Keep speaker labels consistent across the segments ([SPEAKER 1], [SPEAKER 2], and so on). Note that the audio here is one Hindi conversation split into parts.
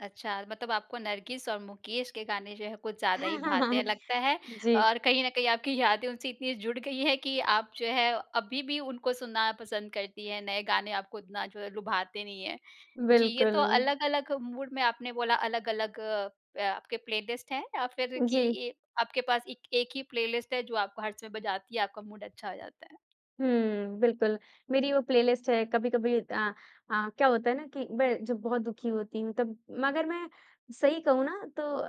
[SPEAKER 1] अच्छा, मतलब आपको नरगिस और मुकेश के गाने जो है कुछ ज़्यादा ही भाते हैं लगता है
[SPEAKER 2] जी।
[SPEAKER 1] और कहीं न कहीं आपकी यादें उनसे इतनी जुड़ गई है कि आप जो है, अभी भी उनको सुनना पसंद करती हैं, नए गाने आपको इतना जो है लुभाते नहीं हैं। जी, ये
[SPEAKER 2] बिल्कुल।
[SPEAKER 1] तो अलग-अलग मूड में आपने बोला अलग-अलग प आपके प्लेलिस्ट हैं या फिर कि
[SPEAKER 2] जी।
[SPEAKER 1] ये आपके पास इक 1 ही प्लेलिस्ट है जो आपको हर समय बजाती है आपका मूड अच्छा हो जाता है?
[SPEAKER 2] हुँ, बिल्कुल। मेरी वो प्लेलिस्ट है, कभी-कभी अ अ, क्या होता है ना कि मैं जब बहुत दुखी होती हूँ तब मगर मैं सही कहूँ ना तो अ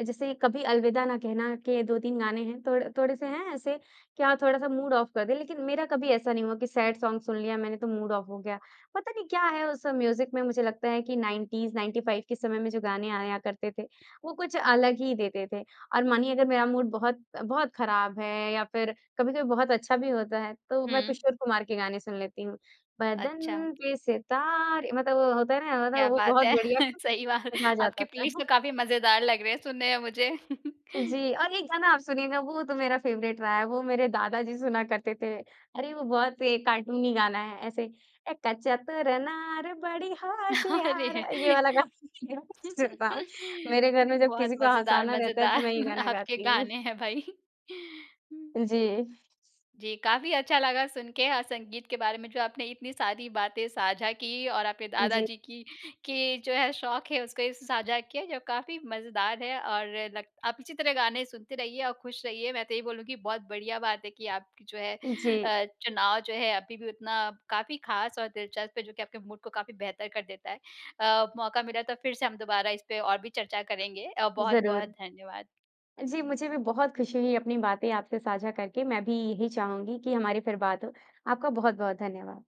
[SPEAKER 2] अ, जैसे कभी अलविदा ना कहना के 2-3 गाने हैं, थोड़ थोड़े-से हैं ऐसे कि हाँ, थोड़ा-सा मूड ऑफ कर दे, लेकिन मेरा कभी ऐसा नहीं हुआ कि सैड सॉन्ग सुन लिया मैंने तो मूड ऑफ हो गया। पता नहीं क्या है उस म्यूज़िक़ में मुझे लगता है कि 90s 95 के समय में जो गाने आया करते थे वो कुछ अलग ही देते थे और मानिए अगर मेरा मूड बहुत-बहुत ख़राब है या फिर कभी-कभी बहुत अच्छा भी होता है, तो मैं
[SPEAKER 1] हुँ।
[SPEAKER 2] किशोर कुमार के गाने सुन लेती हूँ।
[SPEAKER 1] अच्छा।
[SPEAKER 2] बदन पे सितारें मतलब वो होता है ना
[SPEAKER 1] क्या
[SPEAKER 2] मतलब वो
[SPEAKER 1] बात
[SPEAKER 2] बहुत
[SPEAKER 1] है!
[SPEAKER 2] बढ़िया
[SPEAKER 1] सही बात
[SPEAKER 2] मज़ा आ
[SPEAKER 1] आपके
[SPEAKER 2] जाता था।
[SPEAKER 1] प्लेलिस्ट तो काफ़ी मज़ेदार लग रहे हैं सुनने में मुझे।
[SPEAKER 2] जी और एक गाना आप सुनिएगा वो तो मेरा फेवरेट रहा है, वो मेरे दादाजी सुना करते थे। अरे! वो बहुत एक कार्टूनी गाना है ऐसे एक चतुर नार बड़ी होशियार,
[SPEAKER 1] अरे!
[SPEAKER 2] ये वाला गाना [unintelligible] मेरे घर में जब
[SPEAKER 1] बहुत
[SPEAKER 2] किसी को
[SPEAKER 1] मज़ेदार
[SPEAKER 2] हँसाना रहता है, तो मैं ये
[SPEAKER 1] मज़ेदार
[SPEAKER 2] गाना
[SPEAKER 1] आपके
[SPEAKER 2] गाती हूँ।
[SPEAKER 1] गाने हैं भई।
[SPEAKER 2] जी।
[SPEAKER 1] जी, काफ़ी अच्छा लगा सुन के अ, संगीत के बारे में जो आपने इतनी सारी बातें साझा की और आपके दादा
[SPEAKER 2] जी।
[SPEAKER 1] जी की कि जो है शौक़ है, उसको ऐसे साझा किया जो काफ़ी मज़ेदार है और नग आप इसी तरह गाने सुनते रहिए और खुश रहिए। मैं तो यही बोलूँगी, बहुत बढ़िया बात है कि आप जो है
[SPEAKER 2] जी।
[SPEAKER 1] अ, चुनाव जो है अभी भी उतना काफ़ी ख़ास और दिलचस्प है जो कि आपके मूड को काफ़ी बेहतर कर देता है। अ, मौक़ा मिला तो फिर से हम दोबारा इसपे और भी चर्चा करेंगे। अ, बहुत-बहुत
[SPEAKER 2] ज़रूर।
[SPEAKER 1] धन्यवाद।
[SPEAKER 2] जी, मुझे भी बहुत खुशी हुई अपनी बातें आपसे साझा करके, मैं भी यही चाहूँगी कि हमारी फिर बात हो। आपका बहुत-बहुत धन्यवाद।